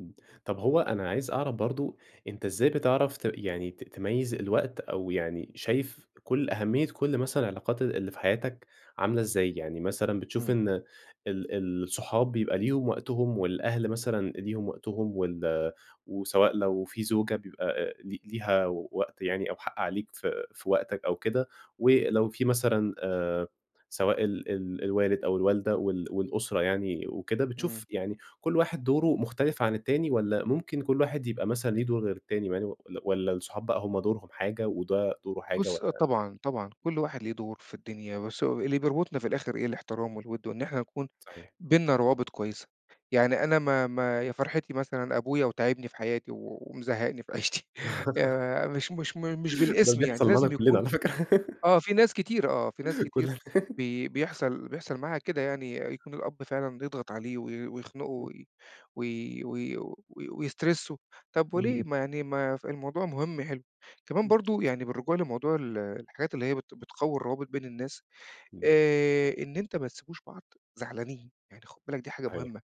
إمم. طب هو أنا عايز أعرف برضه أنت إزاي بتعرف ت يعني ت تميّز الوقت، أو يعني شايف كل أهمية كل مثلًا العلاقات اللي في حياتك عاملة إزاي؟ يعني مثلًا بتشوف إمم. إن ال الصحاب بيبقى ليهم وقتهم، والأهل مثلًا ليهم وقتهم وال وسواء لو في زوجة بيبقى آآ ل ليها وقت يعني أو حق عليك ف في وقتك أو كده، ولو في مثلًا آآ سواء ال ال الوالد أو الوالدة وال والأسرة يعني وكده، إمم. بتشوف يعني كل واحد دوره مختلف عن التاني، والّا ممكن كل واحد يبقى مثلًا ليه دور غير التاني مع إنه ل والّا الصحاب بقى هم دورهم حاجة وده دوره حاجة بُص آه والّا؟ طبعًا، طبعًا. كل واحد ليه دور في الدنيا بس أهو اللي بيربُطنا في الآخر إيه، الإحترام والوِد وإن إحنا نكون صحيح. بيننا روابط كويسة. يعني أنا ما ما يا فرحتي مثلًا أبويا وتاعبني في حياتي، و ومزهّقني في عيشتي. يا مش مش م مش ده بالإسم يعني. بيحصل معانا لازم كُلّنا يكون على فكرة. آه. في ناس كتيرة آه، في ناس كتير كُلّنا. بي بيحصل بيحصل معاها كده يعني. أ يكون الأب فعلًا يضغط عليه وي ويخنقُه وي وي وي وي ويسترسُّه. طب وليه؟ إمم. ما يعني ما ف الموضوع مهم يحلّه. كمان برضه [unintelligible] يعني بالرجوع لموضوع ال الحاجات اللي هي بت بتقوّي الروابط بين الناس، إمم. آآ إن أنت ما تسيبوش بعض زعلانين. يعني خُد بالك دي حاجة أيو مهمة.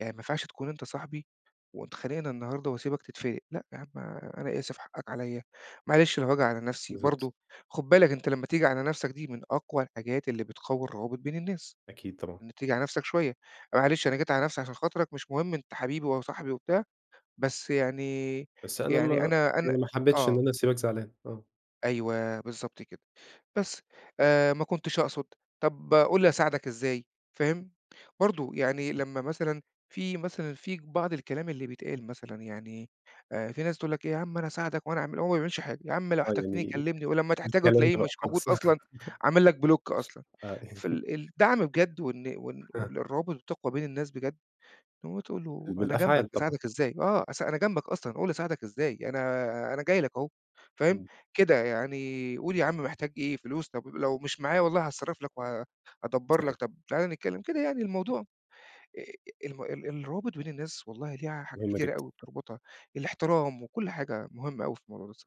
يعني ما ينفعش تكون أنت صاحبي واتخانقنا النهارده وأسيبك تتفِلِق، لأ يا عم أنا آسف حقّك عليّا، معلش لو هاجي على نفسي بالضبط. برضه، خُد بالك أنت لمّا تيجي على نفسك دي من أقوى الحاجات اللي بتقوّي الروابط بين الناس، أكيد طبعًا. إنه تيجي على نفسك شوية. أ معلش أنا جيت على نفسي عشان خاطرك مش مهم أنت حبيبي وصاحبي وبتاع، بس يعني بس أنا يعني ما أنا أنا يعني ما حبّيتش إن آه. أنا أسيبك زعلان آه. أيوه، بالضبط كده. بس آآ ما كنتش أقصد، طب قُل لي أساعدك إزاي فاهم؟ برضه يعني لمّا مثلًا في مثلًا في بعض الكلام اللي بيتقال مثلًا، يعني آآ في ناس تقول لك يا عم أنا أساعدك وأنا أعمل وهو ما بيعملش حاجة. يا عم لو آه. احتجتني يعني كلّمني ولمّا تحتاجه الكلام تلاقيه ده بقى مش موجود خالص. أصلًا عامل لك بلوك أصلًا. آه. يعني فال الدعم بجد وإن وإن وإن [unintelligible] الروابط بتقوى بين الناس بجد، اللي هو تقول له ال أنا جنبك بالأفعال طبعًا. أساعدك إزاي؟ آه. أس أنا جنبك أصلًا قُل لي أساعدك إزاي؟ أنا أنا جاي لك أهو فاهم؟ إمم. كده يعني قل يا عم محتاج إيه فلوس؟ طب ب لو مش معايا والله هاتصرّف لك وهادبّر صحيح. لك طب تعالَ نتكلّم كده يعني الموضوع أ أ الم ال الروابط بين الناس والله ليها حاجات مهمة كتيرة جدًا. أوي بتربطها. الاحترام وكل حاجة مهمة أوي في الموضوع ده الص